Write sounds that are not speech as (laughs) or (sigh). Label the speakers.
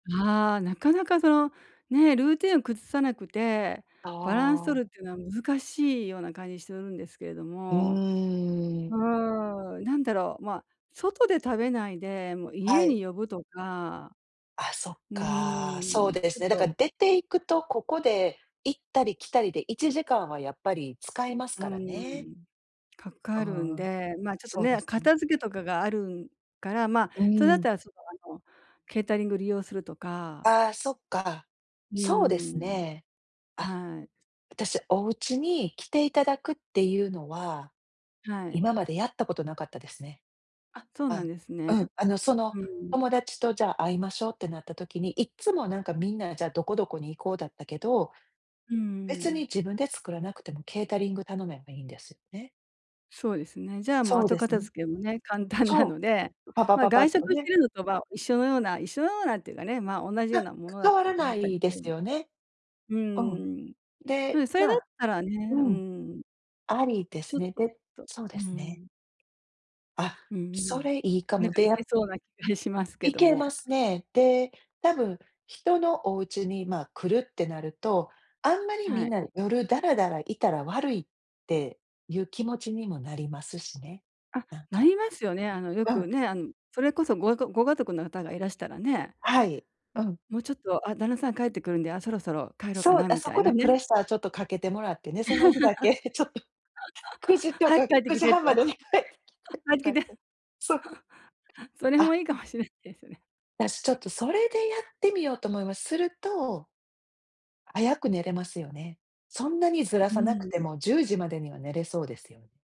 Speaker 1: ああ、なかなかそのね、ルーティーンを崩さなくて
Speaker 2: あ
Speaker 1: バランス取
Speaker 2: あ。
Speaker 1: るってのは難しいような感じするんですけれど
Speaker 2: う
Speaker 1: も。
Speaker 2: ー
Speaker 1: う
Speaker 2: ん。
Speaker 1: ーん、なんだろう、ま、外で食べないで、もう、
Speaker 2: は
Speaker 1: 家
Speaker 2: い。
Speaker 1: に呼ぶとか、
Speaker 2: あ、そっ
Speaker 1: うー
Speaker 2: か、そう
Speaker 1: ん、
Speaker 2: で
Speaker 1: ちょ
Speaker 2: す
Speaker 1: っ
Speaker 2: ね。だか
Speaker 1: と
Speaker 2: ら出ていくと、ここで行ったり来たりで1時間は、やっぱり使います
Speaker 1: う
Speaker 2: から
Speaker 1: ー
Speaker 2: ね。
Speaker 1: ん、か
Speaker 2: うー
Speaker 1: かるん
Speaker 2: ん、
Speaker 1: で、ま、ちょっと
Speaker 2: そうで
Speaker 1: ね、
Speaker 2: す、ん。
Speaker 1: 片付けとかがあるから、ま、
Speaker 2: う
Speaker 1: それだっ
Speaker 2: ん。
Speaker 1: たら、その、あの、ケータリング利用するとか
Speaker 2: ああ、そっか。
Speaker 1: うー
Speaker 2: そうです
Speaker 1: ん。
Speaker 2: ね。あ、
Speaker 1: はい。
Speaker 2: 私、おうちに来ていただくっていうのは、
Speaker 1: はい。
Speaker 2: 今までやったことなかったですね。
Speaker 1: あ、そうなん
Speaker 2: あ
Speaker 1: ですね。
Speaker 2: うん、あの、その、
Speaker 1: うん。
Speaker 2: 友達と、「じゃあ会いましょう」ってなった時に、いっつもなんかみんな、じゃあどこどこに行こうだったけど、
Speaker 1: うんう
Speaker 2: 別に
Speaker 1: ん。
Speaker 2: 自分で作らなくてもケータリング頼めばいいんです、ね。
Speaker 1: そうですね。じゃあ、もう
Speaker 2: そう
Speaker 1: 後
Speaker 2: です
Speaker 1: 片
Speaker 2: ね。
Speaker 1: 付けもね、簡単な
Speaker 2: そう。
Speaker 1: ので、
Speaker 2: う、パパ
Speaker 1: ま、
Speaker 2: パパッ
Speaker 1: 外
Speaker 2: と
Speaker 1: 食してい
Speaker 2: ね。
Speaker 1: るのとまあ、一緒のような一緒のようなっていうかね、ま、おんなじよう
Speaker 2: は、
Speaker 1: なも
Speaker 2: か
Speaker 1: のだ
Speaker 2: 変わ
Speaker 1: と
Speaker 2: ら
Speaker 1: は思
Speaker 2: な
Speaker 1: ったり
Speaker 2: い
Speaker 1: す
Speaker 2: で
Speaker 1: る
Speaker 2: す
Speaker 1: んで、
Speaker 2: よね。
Speaker 1: う
Speaker 2: うん、
Speaker 1: ーん。そ
Speaker 2: で、
Speaker 1: れそれ
Speaker 2: ま
Speaker 1: だっ
Speaker 2: あ、
Speaker 1: たらね、うー
Speaker 2: うん、
Speaker 1: ん。
Speaker 2: ありで
Speaker 1: ちょ
Speaker 2: す
Speaker 1: っ
Speaker 2: ね。で
Speaker 1: と
Speaker 2: そうで
Speaker 1: う
Speaker 2: すね。
Speaker 1: ん。
Speaker 2: あ、
Speaker 1: うんう
Speaker 2: そ
Speaker 1: ん、
Speaker 2: れいいか
Speaker 1: なん
Speaker 2: も。
Speaker 1: か
Speaker 2: で、
Speaker 1: いけ
Speaker 2: や
Speaker 1: そうな気がしますけ
Speaker 2: い
Speaker 1: ど
Speaker 2: けま
Speaker 1: も。
Speaker 2: すね。で、多分、人のおうちに、ま、来るってなると、あんまり
Speaker 1: は
Speaker 2: みん
Speaker 1: い。
Speaker 2: な夜ダラダラいたら悪いってゆう気持ちにもなりますしね、
Speaker 1: あ、
Speaker 2: なん
Speaker 1: な
Speaker 2: か。
Speaker 1: りますよね。あの、よ
Speaker 2: うん。
Speaker 1: くね、あん、それこそごがくご家族の方がいらしたらね、
Speaker 2: はい、うん。
Speaker 1: ん、「もう、ちょっと、あ、旦那さん帰ってくるんで、あ、そろそろ帰ろうか
Speaker 2: そう、
Speaker 1: な」
Speaker 2: あ、
Speaker 1: み
Speaker 2: そ
Speaker 1: たい
Speaker 2: こ
Speaker 1: な
Speaker 2: で
Speaker 1: ね。
Speaker 2: プレッシャーちょっとかけてもらってね、その日だけちょっと、く
Speaker 1: (laughs)
Speaker 2: じと
Speaker 1: 「早く
Speaker 2: か
Speaker 1: 帰って
Speaker 2: く
Speaker 1: き
Speaker 2: じ
Speaker 1: て」と。
Speaker 2: はんまでに帰ってきて
Speaker 1: 「帰
Speaker 2: とか
Speaker 1: ってき
Speaker 2: 言って、
Speaker 1: て！」
Speaker 2: そう。
Speaker 1: (laughs) それも
Speaker 2: あ
Speaker 1: いいかもしれ、ですね。
Speaker 2: 私、ちょっとそれでやってみようと思います。すると早く寝れますよね。そんなにずら
Speaker 1: う
Speaker 2: さなく
Speaker 1: ー
Speaker 2: て
Speaker 1: ん。
Speaker 2: も10時までには寝れそうですよ。